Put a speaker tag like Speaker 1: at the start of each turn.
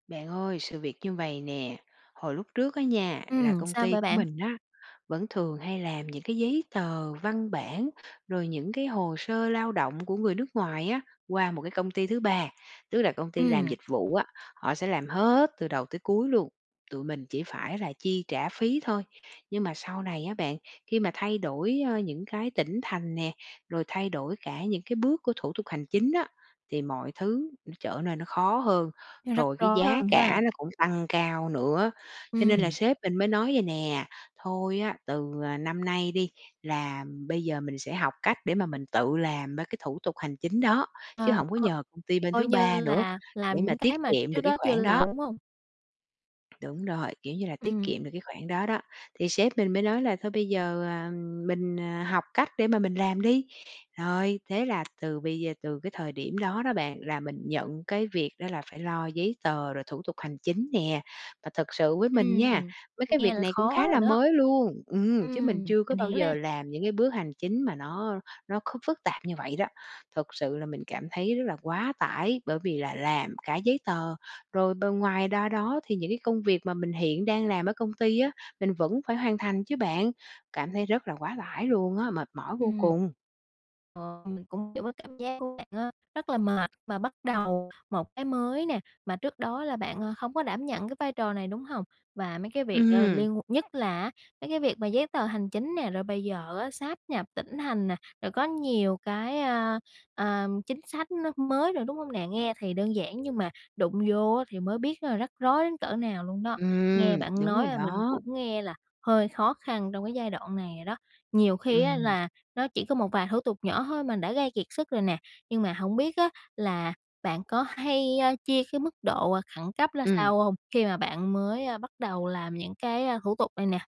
Speaker 1: Bạn ơi, sự việc như vầy nè, hồi lúc trước á nha, là
Speaker 2: Ừm,
Speaker 1: công
Speaker 2: sao
Speaker 1: ty
Speaker 2: vậy
Speaker 1: của
Speaker 2: bạn?
Speaker 1: mình á, vẫn thường hay làm những cái giấy tờ văn bản, rồi những cái hồ sơ lao động của người nước ngoài á, qua một cái công ty thứ 3. Tức là công ty làm
Speaker 2: Ừm.
Speaker 1: dịch vụ á, họ sẽ làm hết từ đầu tới cuối luôn, tụi mình chỉ phải là chi trả phí thôi. Nhưng mà sau này á bạn, khi mà thay đổi, ơ, những cái tỉnh thành nè, rồi thay đổi cả những cái bước của thủ tục hành chính á, thì mọi thứ nó trở nơi nó khó hơn,
Speaker 2: Nó rắc
Speaker 1: rồi cái
Speaker 2: rối
Speaker 1: giá
Speaker 2: hơn ha.
Speaker 1: cả nó cũng tăng cao nữa. Cho nên là
Speaker 2: Ừm.
Speaker 1: sếp mình mới nói vầy nè: "Thôi á, từ, ờ, năm nay đi, là bây giờ mình sẽ học cách để mà mình tự làm ba cái thủ tục hành chính đó, chứ
Speaker 2: Ờ,
Speaker 1: hổng có
Speaker 2: coi
Speaker 1: nhờ công ty bên
Speaker 2: coi
Speaker 1: thứ
Speaker 2: như
Speaker 1: 3 nữa
Speaker 2: là làm
Speaker 1: để mà
Speaker 2: những
Speaker 1: tiết
Speaker 2: cái mà
Speaker 1: kiệm được
Speaker 2: trước
Speaker 1: cái
Speaker 2: đó chưa
Speaker 1: khoản
Speaker 2: làm,
Speaker 1: đó."
Speaker 2: đúng hông?
Speaker 1: Đúng rồi, kiểu như, là tiết
Speaker 2: Ừm.
Speaker 1: kiệm được cái khoản đó đó. Thì sếp mình mới nói là "Thôi bây giờ, à, mình, à, học cách để mà mình làm đi." Rồi, thế là từ bây giờ, từ cái thời điểm đó đó bạn, là mình nhận cái việc đó là phải lo giấy tờ rồi thủ tục hành chính nè. Và thật sự với mình nha,
Speaker 2: Ừm,
Speaker 1: mấy cái
Speaker 2: nghe
Speaker 1: việc
Speaker 2: là
Speaker 1: này cũng
Speaker 2: khó
Speaker 1: khá
Speaker 2: rồi
Speaker 1: là
Speaker 2: đó.
Speaker 1: mới luôn ừm, chứ mình
Speaker 2: Ừm,
Speaker 1: chưa có
Speaker 2: mình
Speaker 1: bao
Speaker 2: hiểu nè.
Speaker 1: giờ làm những cái bước hành chính mà nó nó kh phức tạp như vậy đó. Thật sự là mình cảm thấy rất là quá tải, bởi vì là làm cả giấy tờ, rồi b ngoài đa đó thì những cái công việc mà mình hiện đang làm ở công ty á, mình vẫn phải hoàn thành chứ bạn. Cảm thấy rất là quá tải luôn á, mệt mỏi vô
Speaker 2: Ừm.
Speaker 1: cùng!
Speaker 2: Ờ, mình cũng hiều cái cảm giác của bạn á, rất là mệt mà bắt đầu một cái mới nè, mà trước đó là bạn, ờ, không có đảm nhận cái vai trò này, đúng hông? Và mấy cái việc, ờ,
Speaker 1: Ừm.
Speaker 2: liên nhất là á, mấy cái việc mà giấy tờ hành chính nè, rồi bây giờ á sáp nhập tỉnh thành nè, rồi có nhiều cái, a, à, chính sách nó mới rồi, đúng hông nè? Nghe thì đơn giản nhưng mà đụng vô á thì mới biết là rắc rối đến cỡ nào luôn đó.
Speaker 1: Ừm,
Speaker 2: Nghe bạn
Speaker 1: đúng
Speaker 2: nói
Speaker 1: rồi
Speaker 2: là mình
Speaker 1: đó.
Speaker 2: cũng nghe là hơi khó khăn trong cái giai đoạn này rồi đó. Nhiều khi á
Speaker 1: Ừm.
Speaker 2: là nó chỉ có một vài thủ tục nhỏ thôi mà đã gây kiệt sức rồi nè, nhưng mà hổng biết á là bạn có hay, a, chia cái mức độ khẩn cấp ra
Speaker 1: Ừm.
Speaker 2: sao hông khi mà bạn mới, ơ, bắt đầu làm những cái, a, thủ tục này nè?